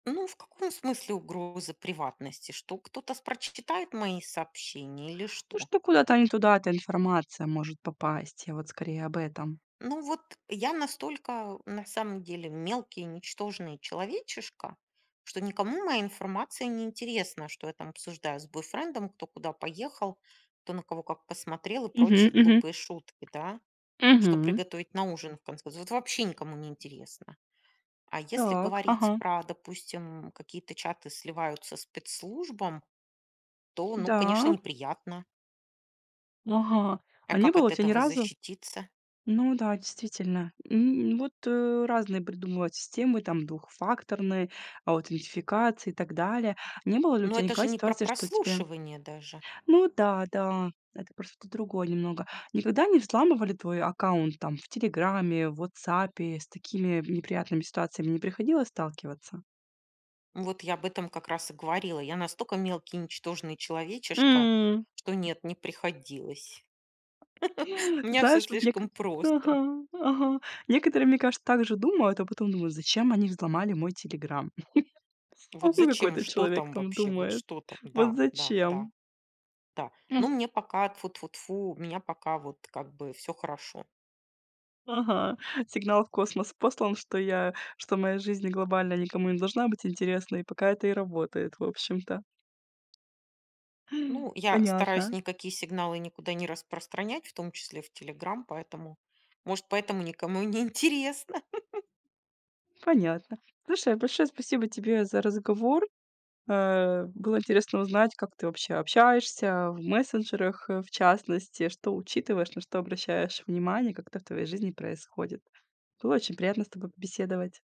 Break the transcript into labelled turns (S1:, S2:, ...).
S1: Ну, в каком смысле угрозы приватности? Что кто-то с прочитает мои сообщения или
S2: Ну
S1: что?
S2: что, куда-то не туда эта информация может попасть. Я вот скорее об этом.
S1: Ну вот я настолько на самом деле мелкий ничтожный человечишко, что никому моя информация неинтересна, что я там обсуждаю с бойфрендом, кто куда поехал, кто на кого как посмотрел и
S2: Мгм.
S1: прочие
S2: Мгм.
S1: глупые шутки, да, что
S2: Мгм.
S1: приготовить на ужин в конце Вот вообще никому не интересно. А если
S2: Так.
S1: говорить
S2: Ага.
S1: про, допустим, м, какие-то чаты сливаются спецслужбам, то ну, конечно,
S2: Да.
S1: неприятно.
S2: Ага,
S1: А
S2: а не
S1: как
S2: было
S1: от
S2: тя ни
S1: этого
S2: разу.
S1: защититься?
S2: Ну да, действительно, м, вот, э, разные придумывают системы, там двухфакторные аутентификации и так далее. Не было ли у
S1: Ну
S2: тебя
S1: это же
S2: никогда
S1: не про
S2: ситуации, что тебе
S1: прослушивание даже.
S2: Ну да, да, это просто другое немного. Никогда не взламывали твой аккаунт там в "Телеграме", в "Ватсапе"? С такими неприятными ситуациями не приходилось сталкиваться?
S1: Вот я об этом как раз и говорила. Я настолько мелкий ничтожный человечишка,
S2: М.
S1: что нет, не приходилось. У меня всё
S2: Знаешь, вот некот
S1: слишком просто.
S2: Ага, ага. Некоторые мне кажется, также думают, а потом думают, зачем они взломали мой "Телеграм". Ну
S1: Вот зачем,
S2: какой-то
S1: что
S2: человек
S1: там
S2: там
S1: вообще? Вот
S2: думает.
S1: что там?
S2: Вот
S1: Да, да, да.
S2: зачем?
S1: Да.
S2: М.
S1: Ну мне пока тьфу-тьфу-тьфу, у меня пока вот как бы всё хорошо.
S2: Ага, сигнал в космос послан, что я что моя жизнь глобально никому не должна быть интересна, и пока это и работает, в общем-то.
S1: Ну, я стараюсь
S2: Понятно.
S1: никакие сигналы никуда не распространять, в том числе в "Телеграм", поэтому может поэтому никому и неинтересно.
S2: Понятно. Слушай, большое спасибо тебе за разговор. Э. Было интересно узнать, как ты вообще общаешься в мессенджерах, э, в частности, что учитываешь, на что обращаешь внимание, как это в твоей жизни происходит. Было очень приятно с тобой побеседовать.